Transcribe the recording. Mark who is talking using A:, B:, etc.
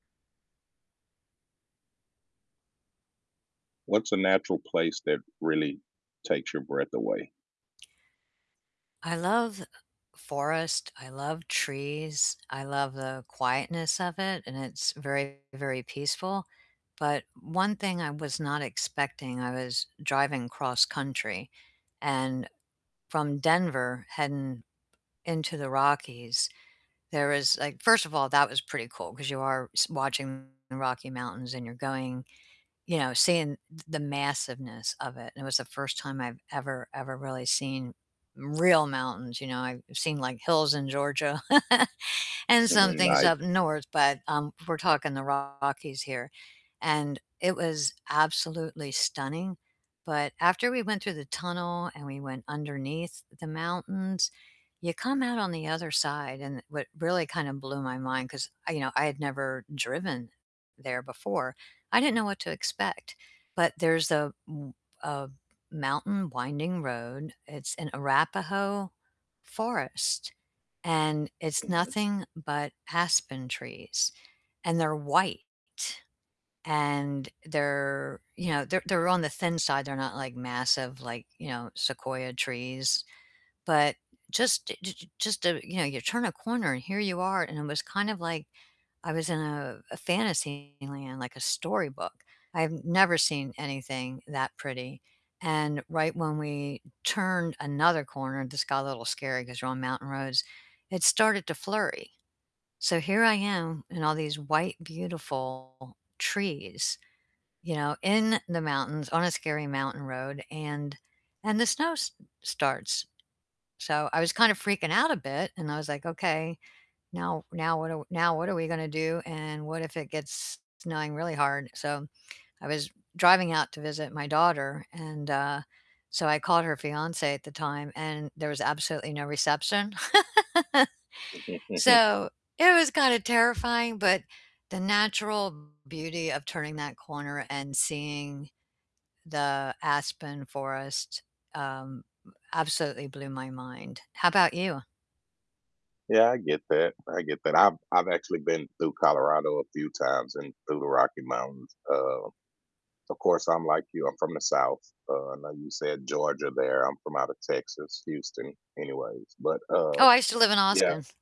A: What's a natural place that really takes your breath away?
B: I love forest, I love trees, I love the quietness of it, and it's very, very peaceful, but one thing I was not expecting, I was driving cross-country and from Denver heading into the Rockies, there was, like first of all, that was pretty cool 'cause you are s watching the Rocky Mountains and you're going you know, seeing th the massiveness of it, and it was the 1st time I've ever, ever really seen real mountains, you know? I've seen, like, hills in Georgia, and some
A: Mhm,
B: things
A: ni
B: up north, but, um, we're talking the Rockies here, and it was absolutely stunning, but after we went through the tunnel and we went underneath the mountains, you come out on the other side, and what really kinda blew my mind 'cause I you know, I had never driven there before, I didn't know what to expect, but there's a m a mountain winding road, it's in Arapahoe Forest, and it's
A: Mhm.
B: nothing but aspen trees, and they're white, and they're, you know they're they're on the thin side, they're not, like, massive like, you know, sequoia trees, but just j just a you know, you turn a corner, and here you are, and it was kind of like I was in a a fantasy land, like a storybook. I've never seen anything that pretty, and right when we turned another corner this got a little scary 'cause you're on mountain roads, it started to flurry, so here I am in all these white, beautiful trees, you know, in the mountains on a scary mountain road, and and the snow s starts, so I was kind of freaking out a bit, and I was like, "Okay, now now what do w now what are we gonna do, and what if it gets snowing really hard?" so, I was driving out to visit my daughter, and, uh, so I called her fiancé at the time, and there was absolutely no reception. So it was kinda terrifying, but the natural beauty of turning that corner and seeing the aspen forest, um, absolutely blew my mind, how about you?
A: Yeah, I get that, I get that, I've I've actually been through Colorado a few times and through the Rocky Mountains, uh, of course, I'm like you, I'm from the South, uh, I know you said Georgia there, I'm from out of Texas, Houston anyway, but, uh
B: Oh, I used to live in
A: yeah.
B: Austin.